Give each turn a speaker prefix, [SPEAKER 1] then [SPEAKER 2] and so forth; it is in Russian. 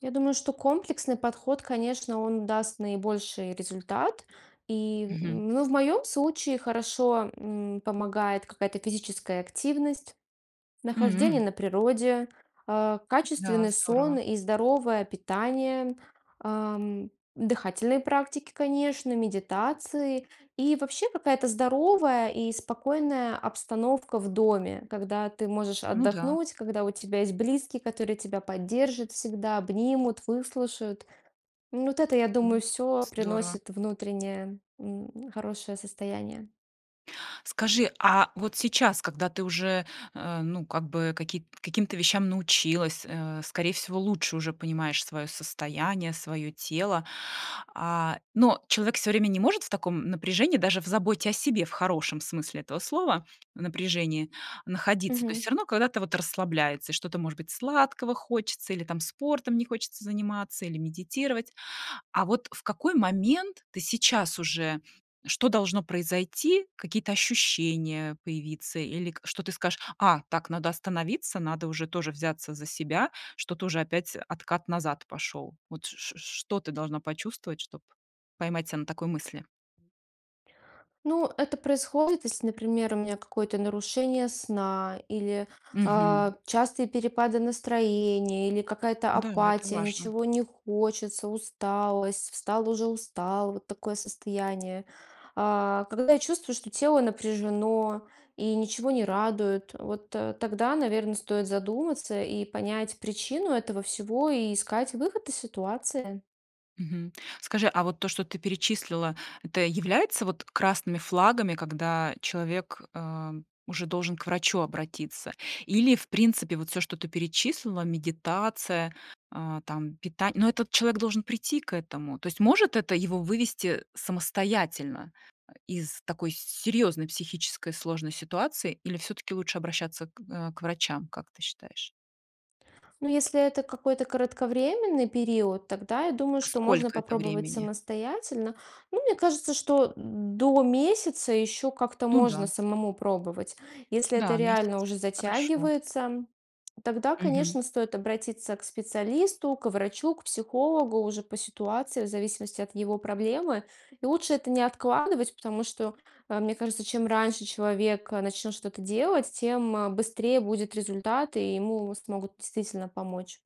[SPEAKER 1] Я думаю, что комплексный подход, конечно, он даст наибольший результат. И,
[SPEAKER 2] Мгм.
[SPEAKER 1] ну, в моем случае хорошо, м, помогает какая-то физическая активность, нахождение
[SPEAKER 2] М.
[SPEAKER 1] на природе, э,
[SPEAKER 2] М-да,
[SPEAKER 1] качественный сон
[SPEAKER 2] здорово.
[SPEAKER 1] и здоровое питание, ам, дыхательные практики, конечно, медитации. И вообще какая-то здоровая и спокойная обстановка в доме. Когда ты можешь
[SPEAKER 2] Ну да.
[SPEAKER 1] отдохнуть, когда у тебя есть близкие, которые тебя поддержат всегда, обнимут, выслушают. М, вот это, я
[SPEAKER 2] М.
[SPEAKER 1] думаю, всё
[SPEAKER 2] Здорово.
[SPEAKER 1] приносит внутреннее, ну, хорошее состояние.
[SPEAKER 2] Скажи, а вот сейчас, когда ты уже, э, ну, как бы какие каким-то вещам научилась, э, скорее всего, лучше уже понимаешь своё состояние, своё тело. А, но человек всё время не может в таком напряжении, даже в заботе о себе, в хорошем смысле этого слова, напряжении находиться. То есть
[SPEAKER 1] Мгм.
[SPEAKER 2] всё равно когда-то вот расслабляется, что-то, может быть, сладкого хочется, или там спортом не хочется заниматься, или медитировать. А вот в какой момент ты сейчас уже что должно произойти, какие-то ощущения появиться? Или к что ты скажешь: "А, так, надо остановиться, надо уже тоже взяться за себя" что тоже опять откат назад пошёл. Вот ч ч что ты должна почувствовать, чтоб поймать себя на такой мысли?
[SPEAKER 1] Ну, это происходит, если, например, у меня какое-то нарушение сна или,
[SPEAKER 2] Мгм.
[SPEAKER 1] а, частые перепады настроения, или какая-то
[SPEAKER 2] Да, это
[SPEAKER 1] апатия,
[SPEAKER 2] важно.
[SPEAKER 1] ничего не хочется, усталость, встал- уже устал, вот такое состояние. А, когда чувствуешь, что тело напряжено и ничего не радует, вот, э, тогда, наверно, стоит задуматься и понять причину этого всего и искать выход из ситуации.
[SPEAKER 2] Мгм. Скажи, а вот то, что ты перечислила, это является вот красными флагами, когда человек, э, уже должен к врачу обратиться? Или в принципе вот всё, что ты перечислила: медитация, а, там пита но этот человек должен прийти к этому. То есть может это его вывести самостоятельно, ай из такой серьёзной психической сложной ситуации или всё-таки лучше обращаться к, а, к врачам, как ты считаешь?
[SPEAKER 1] Но если это какой-то кратковременный период, тогда я думаю,
[SPEAKER 2] А
[SPEAKER 1] что можно
[SPEAKER 2] сколько это
[SPEAKER 1] попробовать
[SPEAKER 2] времени?
[SPEAKER 1] самостоятельно. Ну, мне кажется, что до месяца ещё как-то
[SPEAKER 2] Ну
[SPEAKER 1] можно
[SPEAKER 2] да.
[SPEAKER 1] самому пробовать. Если это
[SPEAKER 2] Да,
[SPEAKER 1] реально
[SPEAKER 2] месяц
[SPEAKER 1] уже
[SPEAKER 2] хорошо.
[SPEAKER 1] затягивается, тогда,
[SPEAKER 2] Мгм.
[SPEAKER 1] конечно, стоит обратиться к специалисту, к врачу, к психологу уже по ситуации, в зависимости от его проблемы. И лучше это не откладывать, потому что, э, мне кажется, чем раньше человек, э, начнет что-то делать, тем, э, быстрее будет результат и ему смогут действительно помочь.